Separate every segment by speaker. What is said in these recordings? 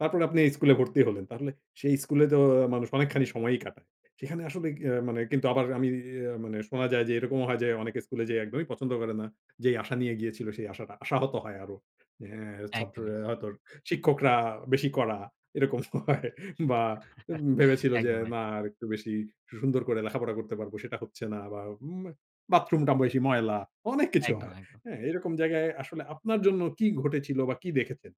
Speaker 1: তারপর আপনি এই স্কুলে ভর্তি হলেন। তাহলে সেই স্কুলে তো মানুষ অনেকখানি সময়ই কাটায়। সেখানে আসলে আ মানে কিন্তু আবার আমি ইয়ে মানে শোনা যায় যে এরকমও হয় যে অনেকে স্কুলে যেয়ে একদমই পছন্দ করে না। যেই আশা নিয়ে গিয়েছিল সেই আশাটা আশাহত হয় আরো। অ্যা
Speaker 2: একদমই।
Speaker 1: ছাত্ররা হয়তো শিক্ষকরা বেশি কড়া, এরকম হয় বা ভেবেছিল যে
Speaker 2: একদম, একদম।
Speaker 1: না আর একটু বেশি সুন্দর করে লেখাপড়া করতে পারব সেটা হচ্ছে না বা ম বাথরুমটা বেশি ময়লা অনেক কিছু
Speaker 2: একদম,
Speaker 1: হয়।
Speaker 2: একদম।
Speaker 1: এরকম জায়গায় আসলে আপনার জন্য কি ঘটেছিল বা কি দেখেছেন?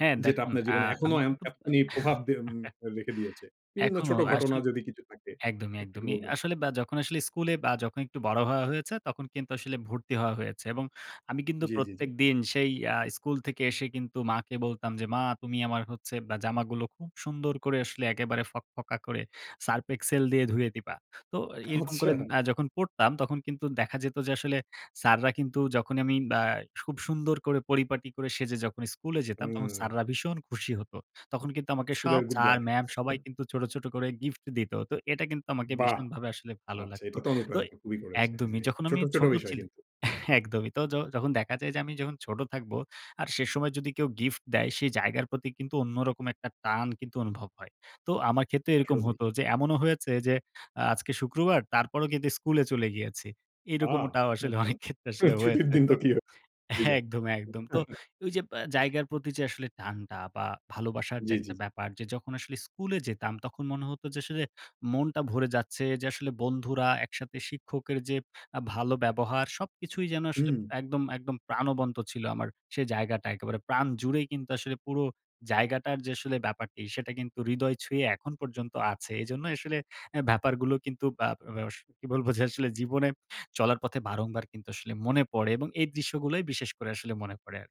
Speaker 2: হ্যাঁ
Speaker 1: যেটা
Speaker 2: দেখুন,
Speaker 1: আপনার
Speaker 2: আ
Speaker 1: জীবনে এখনো
Speaker 2: আমি
Speaker 1: এম
Speaker 2: কিন্তু।
Speaker 1: এতখানি প্রভাব দে উম রেখে দিয়েছে। বিভিন্ন
Speaker 2: এখনো
Speaker 1: ছোট ঘটনা
Speaker 2: আসলে
Speaker 1: যদি কিছু থাকে
Speaker 2: একদমই,
Speaker 1: একটু কি
Speaker 2: একদমই।
Speaker 1: বলবেন?
Speaker 2: আসলে বা যখন আসলে স্কুলে বা একটু বড় হওয়া হয়েছে তখন কিন্তু আসলে ভর্তি হওয়া হয়েছে। এবং আমি কিন্তু
Speaker 1: জি, জি জি।
Speaker 2: প্রত্যেকদিন সেই আ স্কুল থেকে এসে কিন্তু মাকে বলতাম যে মা তুমি আমার হচ্ছে বা জামাগুলো খুব সুন্দর করে আসলে একেবারে ফকফকা করে সার্ফ এক্সেল দিয়ে ধুয়ে দিবা। তো এরকম আ করে
Speaker 1: আচ্ছা।
Speaker 2: যখন পড়তাম তখন কিন্তু দেখা যেত যে আসলে, স্যাররা কিন্তু যখনই আমি বা খুব সুন্দর করে পরিপাটি করে সেজে যখন স্কুলে যেতাম তখন
Speaker 1: হুম।
Speaker 2: স্যাররা ভীষণ খুশি হত। তখন কিন্তু আমাকে সব
Speaker 1: স্কুলের গুড
Speaker 2: স্যার,
Speaker 1: বয়।
Speaker 2: ম্যাম সবাই কিন্তু ছোট, ছোট করে গিফট দিত। তো এটা কিন্তু
Speaker 1: বাহ!
Speaker 2: ভীষণভাবে আসলে ভালো
Speaker 1: আচ্ছা
Speaker 2: লাগতো
Speaker 1: এটা তো
Speaker 2: তো
Speaker 1: অনুপ্রাণিত খুবই করেছে।
Speaker 2: একদমই। য
Speaker 1: হ্যাঁ,
Speaker 2: যখন
Speaker 1: ছোট,
Speaker 2: আমি
Speaker 1: ছোট
Speaker 2: ছোট
Speaker 1: বিষয়
Speaker 2: ছিলাম,
Speaker 1: কিন্তু।
Speaker 2: একদমই। তো য যখন দেখা যায় যে আমি যখন ছোট থাকবো আর সে সময় যদি কেউ গিফট দেয় সেই জায়গার প্রতি কিন্তু অন্যরকম একটা টান কিন্তু অনুভব হয়। তো আমার ক্ষেত্রেও এরকম
Speaker 1: আসলেই।
Speaker 2: হত। যে এমনও হয়েছে যে আজকে শুক্রবার তারপরও কিন্তু স্কুলে চলে গিয়েছি।
Speaker 1: আ
Speaker 2: এরকমটাও আসলে অনেক
Speaker 1: [unintelligible]
Speaker 2: ক্ষেত্রে আসলে
Speaker 1: ছুটির
Speaker 2: হয়েছে।
Speaker 1: দিন
Speaker 2: তো
Speaker 1: তো কি হবে হয়ে যাব।
Speaker 2: একদম, একদম। তো ঐ যে জায়গার প্রতি যে আসলে টানটা বা ভালোবাসার যে
Speaker 1: জি, জি।
Speaker 2: একটা ব্যাপার যখন আসলে স্কুলে যেতাম তখন মনে হত যে আসলে মনটা ভরে যাচ্ছে। যে আসলে বন্ধুরা একসাথে শিক্ষকের যে ভালো ব্যবহার সবকিছুই যেন আসলে
Speaker 1: হুম।
Speaker 2: একদম, একদম প্রাণবন্ত ছিল আমার সেই জায়গাটা একেবারে প্রাণ জুড়ে কিন্তু আসলে পুরো জায়গাটার যে আসলে ব্যাপারটি সেটা কিন্তু হৃদয় ছুঁয়ে এখন পর্যন্ত আছে। এজন্যই আসলে অ্যা ব্যাপারগুলো কিন্তু বা বে বে কি বলব যে আসলে জীবনে চলার পথে বারংবার কিন্তু আসলে মনে পড়ে। এবং এই দৃশ্যগুলোই বিশেষ করে আসলে মনে পড়ে আর।